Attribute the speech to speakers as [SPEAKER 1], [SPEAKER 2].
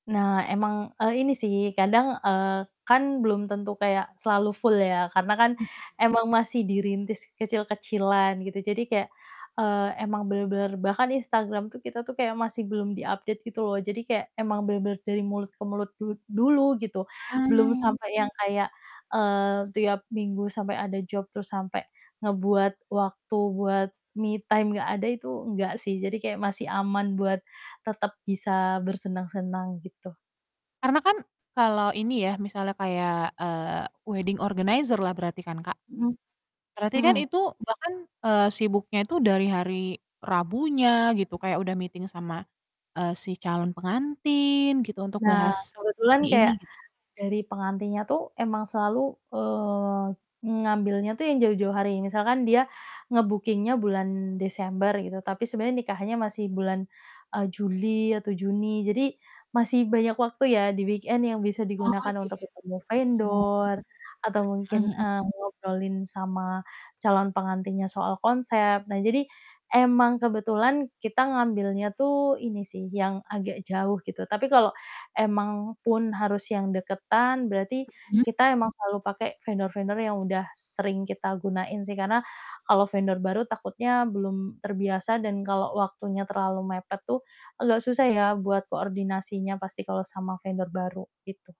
[SPEAKER 1] Nah emang, eee, ini sih kadang, eee, kan belum tentu kayak selalu full ya karena kan
[SPEAKER 2] Mmm.
[SPEAKER 1] emang masih dirintis kecil-kecilan gitu. Jadi kayak, eee, emang bener-bener bahkan Instagram tuh kita tuh kayak masih belum di-update gitu loh jadi kayak emang bener-bener dari mulut ke mulut du dulu gitu belum
[SPEAKER 2] Mmm.
[SPEAKER 1] sampai yang kayak, eee, tiap minggu sampai ada job terus sampai ngebuat waktu buat me time nggak ada itu enggak sih jadi kayak masih aman buat tetep bisa bersenang-senang gitu.
[SPEAKER 2] Karena kan kalau ini ya misalnya kayak, eee, wedding organizer lah berarti kan Kak?
[SPEAKER 1] Mhm,
[SPEAKER 2] Berarti kan
[SPEAKER 1] mhm.
[SPEAKER 2] itu bahkan, eee, sibuknya itu dari hari Rabunya gitu kayak udah meeting sama, eee, si calon pengantin gitu untuk
[SPEAKER 1] Nah,
[SPEAKER 2] bahas
[SPEAKER 1] kebetulan
[SPEAKER 2] ini ini
[SPEAKER 1] kayak
[SPEAKER 2] gitu.
[SPEAKER 1] dari pengantinnya tuh emang selalu, eee, ngambilnya tuh yang jauh-jauh hari misalkan dia nge-bookingnya bulan Desember gitu, tapi sebenarnya nikahnya masih bulan, eee, Juli atau Juni jadi masih banyak waktu ya di weekend yang bisa
[SPEAKER 2] Oh,
[SPEAKER 1] digunakan untuk
[SPEAKER 2] gitu.
[SPEAKER 1] ketemu
[SPEAKER 2] Mhm
[SPEAKER 1] vendor atau mungkin,
[SPEAKER 2] mhm.
[SPEAKER 1] eee, ngobrolin sama calon pengantinnya soal konsep. Nah jadi emang kebetulan kita ngambilnya tuh ini sih yang agak jauh gitu. Tapi kalau emang pun harus yang deketan berarti
[SPEAKER 2] Mhm.
[SPEAKER 1] kita emang selalu pakai vendor-vendor yang udah sering kita gunain sih, karena kalau vendor baru takutnya belum terbiasa dan kalau waktunya terlalu mepet tuh, agak susah ya buat koordinasinya pasti kalau sama vendor baru gitu.